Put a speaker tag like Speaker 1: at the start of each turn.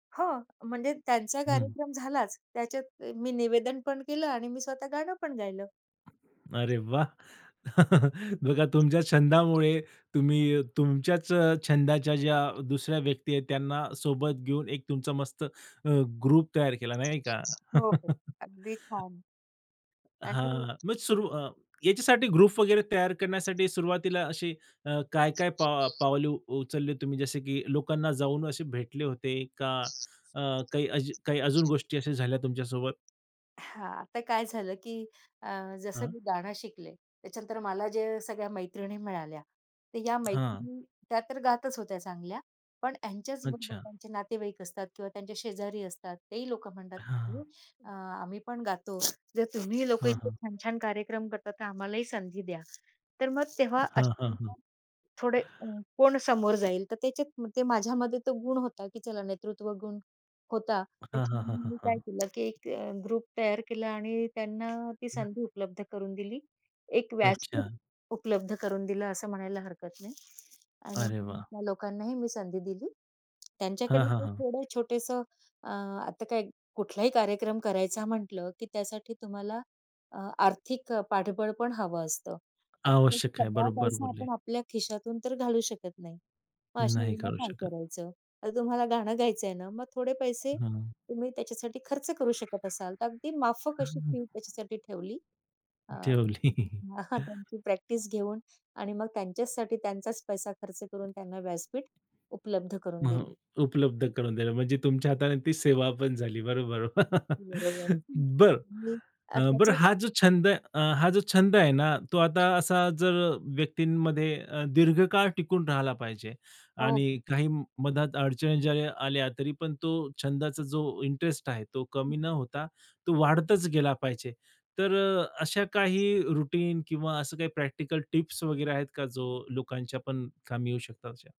Speaker 1: हो. म्हणजे त्यांचा
Speaker 2: हं.
Speaker 1: कार्यक्रम झालाच. त्याच्यात मी निवेदन पण केलं आणि मी स्वतः गाणं पण गायलं.
Speaker 2: अरे वाह! बघा तुमच्या छंदामुळे तुम्ही अ, तुमच्याच अ, छंदाच्या ज्या दुसऱ्या व्यक्ती आहेत त्यांना सोबत घेऊन एक तुमचा मस्त अ, ग्रुप तयार केला नाही का?
Speaker 1: हो, हो, अगदी छान. आणि
Speaker 2: हां. मग सुरु अ, याच्यासाठी ग्रुप वगैरे तयार करण्यासाठी सुरुवातीला अशी अ, काय काय पाव पावले उ उचलली तुम्ही? जसे की लोकांना जाऊन असे भेटले होते का? अ, काही अज काही अजून गोष्टी अशा झाल्या तुमच्यासोबत?
Speaker 1: हां, आता काय झालं, की अ, जसं
Speaker 2: हां.
Speaker 1: मी गाणं शिकले त्याच्यानंतर मला जे सगळ्या मैत्रिणी मिळाल्या, तर या
Speaker 2: हां.
Speaker 1: मैत्रिणी त्या तर गातच होत्या चांगल्या. पण ह्यांच्याच बरोबर
Speaker 2: अच्छा.
Speaker 1: त्यांचे नातेवाईक असतात किंवा त्यांच्या शेजारी असतात, तेही लोकं म्हणतात, "अरे
Speaker 2: हां.
Speaker 1: अ, आम्ही पण गातो, जर तुम्ही लोकं
Speaker 2: हां,
Speaker 1: इतके
Speaker 2: हां.
Speaker 1: छान-छान कार्यक्रम करतात, तर आम्हालाही संधी द्या." तर मग तेव्हा अ,
Speaker 2: हां, हां, हां.
Speaker 1: थोडे अ, कोण समोर जाईल, तर त्याच्यात मग ते माझ्यामध्ये तो गुण होता, की चला नेतृत्वगुण होता.
Speaker 2: हां, हां, हां,
Speaker 1: त्याच्यामध्ये
Speaker 2: हां,
Speaker 1: मी काय
Speaker 2: हां.
Speaker 1: केलं, की एक ग्रुप तयार केला आणि त्यांना ती संधी उपलब्ध करून दिली. एक व्यासपीठ
Speaker 2: अच्छा.
Speaker 1: उपलब्ध करून दिलं, असं म्हणायला हरकत नाही. आणि
Speaker 2: अरे वाह!
Speaker 1: त्या लोकांनाही मी संधी दिली.
Speaker 2: हां,
Speaker 1: त्यांच्याकडून
Speaker 2: हां,
Speaker 1: काही
Speaker 2: हां.
Speaker 1: थोडं छोटंसं अ, आता काय कुठलाही कार्यक्रम करायचा म्हटलं, की त्यासाठी तुम्हाला अ, आर्थिक अ, पाठबळ पण हवं असतं. आता तर
Speaker 2: आवश्यक आहे,
Speaker 1: सगळा
Speaker 2: बरोबर
Speaker 1: पैसा
Speaker 2: बोलले.
Speaker 1: आपण आपल्या खिशातून तर घालू शकत नाही. मग अशा
Speaker 2: नाही
Speaker 1: वेळेला
Speaker 2: करू
Speaker 1: काय
Speaker 2: शकत.
Speaker 1: करायचं? आता तुम्हाला गाणं गायचं आहे ना, मग थोडे पैसे
Speaker 2: हं.
Speaker 1: तुम्ही त्याच्यासाठी खर्च करू शकत असाल, तर अगदी माफक अशी
Speaker 2: हं.
Speaker 1: फी त्याच्यासाठी ठेवली. अ,
Speaker 2: ठेवली.
Speaker 1: [unintelligible] त्यांची प्रॅक्टिस घेऊन आणि मग त्यांच्यासाठी त्यांचाच पैसा खर्च करून त्यांना व्यासपीठ उपलब्ध करून दिली.
Speaker 2: हो, उपलब्ध करून दिलं म्हणजे तुमच्या हाताने ती सेवा पण झाली. बरोबर.
Speaker 1: अगदी बरोबर आहे.
Speaker 2: बरं.
Speaker 1: [unintelligible] अ,
Speaker 2: अ, बरं
Speaker 1: त्याच्यात
Speaker 2: हा, जो छंद अ, हा जो छंद आहे ना तो आता असा जर व्यक्तींमध्ये अ, दीर्घकाळ टिकून राहिला पाहिजे
Speaker 1: हो.
Speaker 2: आणि काही मधात अडचणी ज्या या आल्या तरी पण तो छंदाचा जो इंटरेस्ट आहे, तो कमी न होता तो वाढतच गेला पाहिजे. तर अ, अशा काही रुटीन किंवा असं काही प्रॅक्टिकल टिप्स वगैरे आहेत का, जो लोकांच्या पण कामी येऊ शकतात अशा?